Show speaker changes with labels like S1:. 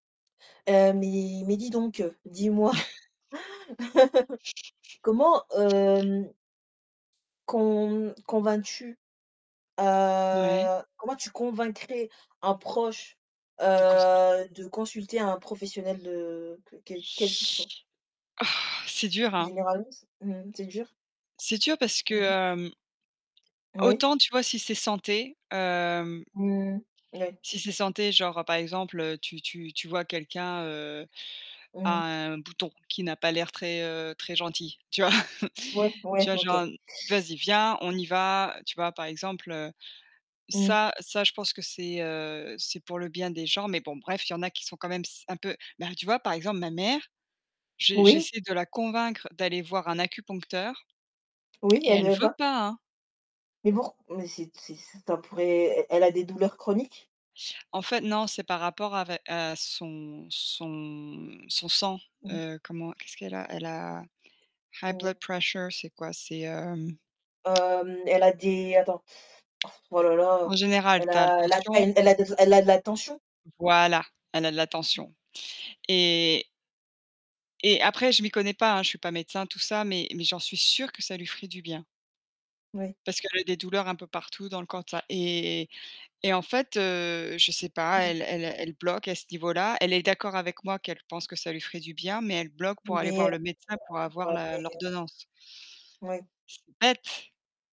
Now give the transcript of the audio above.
S1: Heu, mais mais dis donc, heu, dis-moi, comment hem con convaincs-tu?
S2: Ouais.
S1: Heu, comment tu convaincrais un proche,
S2: De consulter.
S1: heu, de consulter un professionnel de que quel quel qu'il soit?
S2: Oh! C'est dur, hein?
S1: Généraliste? Mmh, c'est dur?
S2: C'est dur parce que,
S1: Mmh.
S2: hem
S1: Oui.
S2: autant, tu vois, si c'est santé, hem
S1: Mmh. Moui.
S2: si c'est santé, genre, par exemple, heu, tu tu tu vois quelqu'un, heu, a
S1: Mmh.
S2: un bouton qui n'a pas l'air très, heu, très gentil, tu vois?
S1: Ouais,
S2: Tu
S1: ouais.
S2: vois genre
S1: OK.
S2: un n: «Vas-y, viens, on y va», tu vois, par exemple, heu.
S1: Mmh.
S2: Ça, ça je pense que c'est, heu, c'est pour le bien des gens. Mais bon bref, il y en a qui sont quand même s un peu, ben tu vois, par exemple ma mère, j'e
S1: Oui.
S2: j'essaie de la convaincre d'aller voir un acupuncteur
S1: Oui,
S2: et
S1: elle
S2: elle
S1: veut
S2: veut
S1: pas?
S2: pas, hein.
S1: Mais pour mais c'est t ça ça pourrait e elle a des douleurs chroniques?
S2: En fait, non. C'est par rapport avé à son son son sang.
S1: Mmh.
S2: Heu, comment? Qu'est-ce qu'elle a? Elle a, high blood
S1: Mmh.
S2: pressure c'est quoi? C'est, hem
S1: Hem, elle a des attends, oh là là,
S2: En général,
S1: elle
S2: tu as la
S1: a la
S2: tension.
S1: tai elle a des o elle a de la tension?
S2: Voilà, elle a de la tension, et et après, je m'y connais pas, hein. Je suis pas médecin tout ça, mais mais j'en suis sûre que ça lui ferait du bien
S1: Oui.
S2: parce qu'elle a des douleurs un peu partout dans le tout [unintelligible] et et en fait, heu, je sais pas,
S1: Mmh mh.
S2: elle elle elle bloque à ce niveau-là. Elle est d'accord avec moi, qu'elle pense que ça lui ferait du bien, mais elle bloque pour aller voir
S1: Mais, heu
S2: le médecin, pour avoir
S1: [unintelligible]
S2: la
S1: et heu
S2: l'ordonnance.
S1: Oui.
S2: c'est bête!